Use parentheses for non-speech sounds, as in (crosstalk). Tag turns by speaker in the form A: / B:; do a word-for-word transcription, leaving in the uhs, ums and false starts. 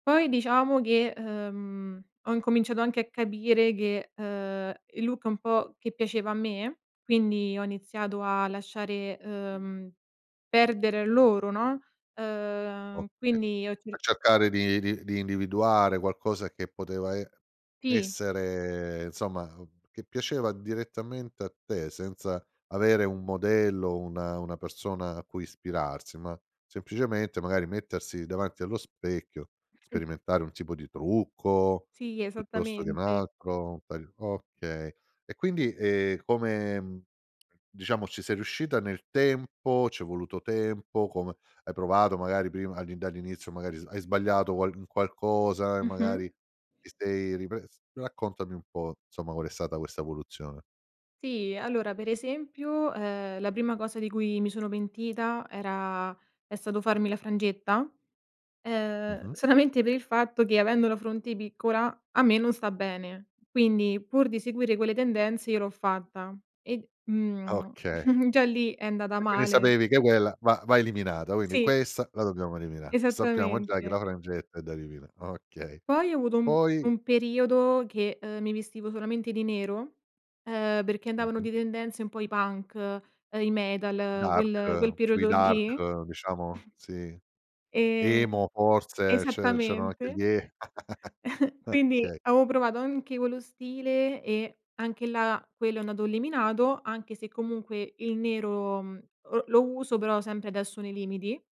A: Poi diciamo che, ehm, ho incominciato anche a capire che, ehm, il look un po' che piaceva a me, quindi ho iniziato a lasciare, ehm, perdere loro, no, ehm,
B: Okay,
A: quindi ho
B: a
A: cerc
B: cercare di di di individuare qualcosa che poteva e
A: Sì.
B: essere insomma che piaceva direttamente a te senza, avere un modello, una una persona a cui ispirarsi, ma semplicemente magari mettersi davanti allo specchio,
A: Mh.
B: sperimentare un tipo di trucco,
A: Sì,
B: piuttosto che un
A: esattamente.
B: altro, un taglio okay. E quindi, ehm, come diciamo ci sei riuscita nel tempo, c'è voluto tempo, come hai provato magari prima al dall'inizio magari hai sbagliato qualc un qualcosa e
A: Mh-mh.
B: magari ti sei ripres raccontami un po' nsomma qual è stata questa evoluzione.
A: Sì, allora per esempio, ehm, la prima cosa di cui mi sono pentita era è stato farmi la frangetta, ehm,
B: Mh-mh.
A: solamente per il fatto che avendo la fronte piccola a me non sta bene, quindi pur di seguire quelle tendenze io l'ho fatta e d mhmm,
B: Okay.
A: (chuckles) già lì è andata
B: E quindi
A: male.
B: sapevi che quella va va eliminata, quindi
A: Sì.
B: questa la dobbiamo elimina', sappiamo già che la
A: Esattamente.
B: frangetta è da elimina' okay,
A: Poi ho avuto u
B: poi?
A: un periodo che, ehm, mi vestivo solamente di nero, ehm, perché andavano
B: Mh-mh.
A: di tendenze un po' i punk, i metal,
B: Dark,
A: quel quel
B: più i
A: periodo lì.
B: dark diciamo, sì,
A: (chuckles) Ehm,
B: emo forse, ce c'erano anche gli
A: esattamente.
B: e
A: (chuckles)
B: (chuckles)
A: Quindi
B: okay.
A: avevo provato anche quello stile e anche là, quello è andato eliminato, anche se comunque il nero, mhmm, l lo uso però sempre adesso nei limiti.